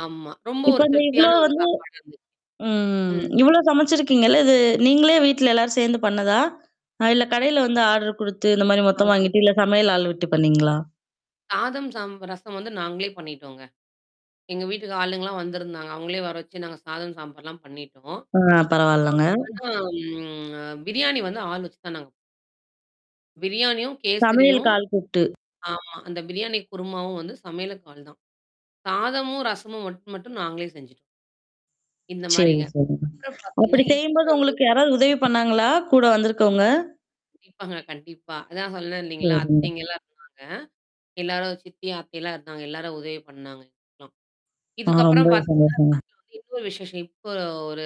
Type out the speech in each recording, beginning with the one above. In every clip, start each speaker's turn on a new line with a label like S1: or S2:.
S1: ஆமா. ரொம்ப
S2: இப்ப
S1: ஒரு
S2: இந்த இவ்வளோ
S1: திருப்தியான ஒரு
S2: வந்து
S1: சாப்பாடா இருந்துது.
S2: ம்.
S1: ம்.
S2: இவ்ளோ சமைச்சிருக்கீங்கள்ல, இது நீங்களே வீட்ல எல்லாரும் சேர்ந்து பண்ணதா? இல்ல கடையில வந்து ஆர்டர் குடுத்து இந்த மாரி
S1: ஆ.
S2: மொத்தம் வாங்கிட்டு, இல்ல சமையல் ஆள் விட்டு பண்ணீங்களா?
S1: சாதம் சாம் ரசம் வந்து நாங்களே பண்ணிட்டோங்க. எங்க வீட்டுக்கு ஆளுங்கலாம் வந்திருந்தாங்க. அவங்களே வர வச்சு, நாங்க சாதம் சாம்பார்லாம் பண்ணிட்டோம்.
S2: ஆ பரவால்லங்க.
S1: அ ஆனா பிரியாணி வந்து ஆள் வச்சு தான் நாங்க ப பிரியாணியும்,
S2: சமையல்க்கு
S1: கேசரியும்
S2: ஆள் கூப்ட்டு
S1: ஆமா. அந்த பிரியாணி குருமாவும் வந்து சமையலுக்கு ஆல் தான். சாதமும், ரசமும் மட்டும் மட்டும் நாங்களே செஞ்சுட்டோம். இந்த
S2: சரி,
S1: மாரிங்க.
S2: சரி,
S1: அப்புறம்
S2: அப்படி
S1: பார்த்தீங்கன்னா, இப்போ
S2: செய்யும்போது
S1: வந்து
S2: உங்களுக்கு யாராவது உதவி பண்ணாங்களா? கூட வந்திருக்கவங்க?
S1: கண்டிப்பாங்க, கண்டிப்பா. அதான் சொன்னே இல்லைங்களா?
S2: சரிங்க.
S1: அத்தைங்கலாம் இருந்தாங்க. ஆ. எல்லாரும் சித்திய அத்தையல்லாம் இருந்தாங்க. எல்லாரும் உதவி பண்ணாங்க, கொஞ்சம்.
S2: ஆ,
S1: இதுக்கப்புறம்
S2: ரொம்பவே
S1: பார்த்தீங்கனா
S2: சந்தோஷங்க.
S1: வீட்ல வந்து இன்னொரு விசேஷம். இப்போ ஒரு ஒரு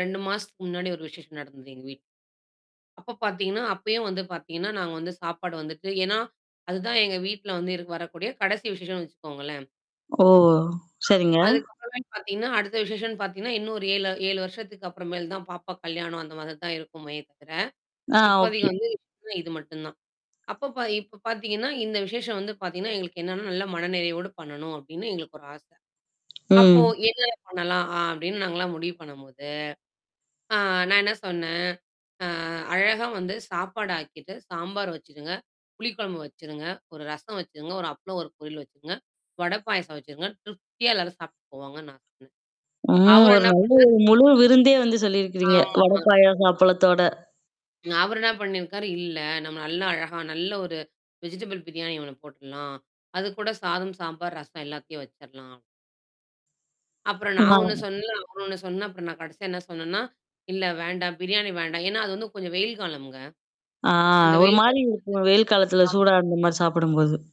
S1: 2 மாசத்துக்கு முன்னாடி ஒரு விசேஷம் நடந்தது எங்க வீட்ல அப்ப பார்த்தீங்கன்னா, அப்பயும் வந்து பார்த்தீங்கன்னா, நாங்க வந்து சாப்பாடு வந்துட்டு, ஏன்னா, அதுதான் எங்க வீட்ல வந்து வரக்கூடிய கடைசி விசேஷம்னு வச்சுக்கோங்களேன்.
S2: ஓ! சரிங்க.
S1: அதுக்கப்புறமேட்டு பார்த்தீங்கன்னா, அடுத்த விஷேஷம்ன்னு பார்த்தீங்கன்னா, இன்னும் ஒரு 7, 7 வருஷத்துக்கு அப்புறம் மேல் தான் பாப்பாக்கு கல்யாணம் அந்த மாதிரி தான் இருக்குமே தவிர,
S2: ஆ,
S1: இப்போதிக்கு
S2: ஓகே.
S1: வந்து விசேஷசம்னா இது மட்டும் தான். அப்பப்ப இப்ப பார்த்தீங்கன்னா, இந்த விசேஷம் வந்து பார்த்தீங்கன்னா, எங்களுக்கு என்னன்னா, நல்ல மனநிறையோடு பண்ணணும் அப்டின்னு எங்களுக்கு ஒரு ஆச. அப்போ
S2: ம்.
S1: என்னன்ன பண்ணலாம்? அப்டின்னு நாங்கலாம் முடிவு பண்ணும்போது, ஆ நான் என்ன சொன்னேன், அ அழகா வந்து சாப்பாடு ஆக்கிட்டு, சாம்பார் வச்சுடுங்க. புளி குழம்பு வச்சுருங்க. ஒரு ரசம் வச்சுருங்க. ஒரு அப்ளம், ஒரு பொரியல் வச்சுருங்க. வடை, பாயாசம் வச்சுருங்க. திருப்தியா எல்லாரும் சாப்ட்டு போவாங்க நான் சொன்னேன்.
S2: ம்
S1: அவரு
S2: ஒரு
S1: என்ன
S2: நல்ல
S1: பண்ணாரு?
S2: ஒரு முழு விருந்தே வந்து சொல்லியிருக்கிறீங்க,
S1: ஆமா.
S2: வடப் பாயாச அப்பளத்தோட.
S1: அவரு என்ன பண்ணியிருக்காரு இல்ல. நம்ம நல்லா அழகா, நல்ல ஒரு வெஜிடபிள் பிரியாணி ஒண்ணு போட்டுடலாம். அது கூட சாதம், சாம்பார், ரசம் எல்லாத்தையும் வச்சரலாம். அப்புறம் நான் ஒண்ணு
S2: ஆ.
S1: சொன்னல. அவரு ஒண்ணு சொன்னேன் அப்புறம் நான் கடைசியா என்ன சொன்னேன்னா, இல்ல வேண்டாம். பிரியாணி வேண்டாம். ஏன்னா, அது வந்து கொஞ்சம் வெயில் காலம்ங்க.
S2: ஆ,
S1: அந்த
S2: ஒரு
S1: வெயில் கால
S2: மாரி இருக்கும், வெயில் காலத்தில சூடா
S1: [unintelligible]
S2: அந்த மாரி சாப்பிடும்போது.